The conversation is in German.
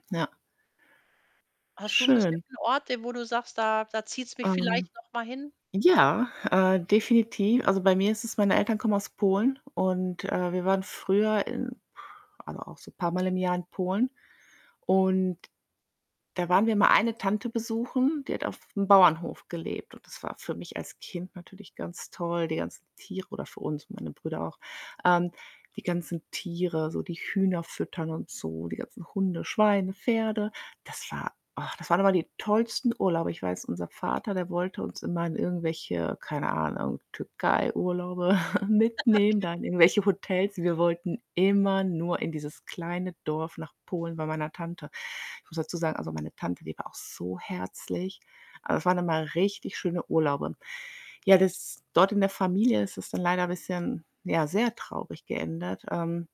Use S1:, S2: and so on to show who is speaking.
S1: Ja.
S2: Hast du 'n
S1: Schön.
S2: bestimmten Ort, äh, wo du sagst: „Da da zieht's mich
S1: Ähm,
S2: vielleicht noch mal hin?“
S1: ja, äh, definiti also, bei mir ist es meine Eltern kommen aus Polen und, äh, wir waren früher in also, auch so paarmal im Jahr in Polen und da waren wir mal eine Tante besuchen, die hat auf'm Bauernhof gelebt und das war für mich als Kind natürlich ganz toll, die ganzen Tiere oder für uns, meine Brüder auch. Ähm, die ganzen Tiere, so die Hühner füttern und so, die ganzen Hunde, Schweine, Pferde. Das war ach, das waren immer die tollsten Urlaube. Ich weiß, unser Vater, der wollte uns immer in irgendwelche, keine Ahnung, Türkeiurlaube mitnehmen,
S2: Okay.
S1: da in irgendwelche Hotels. Wir wollten immer nur in dieses kleine Dorf nach Polen bei meiner Tante. Ich muss dazu sagen, also meine Tante, die war auch so herzlich. Aber es waren immer richtig schöne Urlaube. Ja, das dort in der Familie ist das dann leider bisschen, ja, sehr traurig geendet, ähm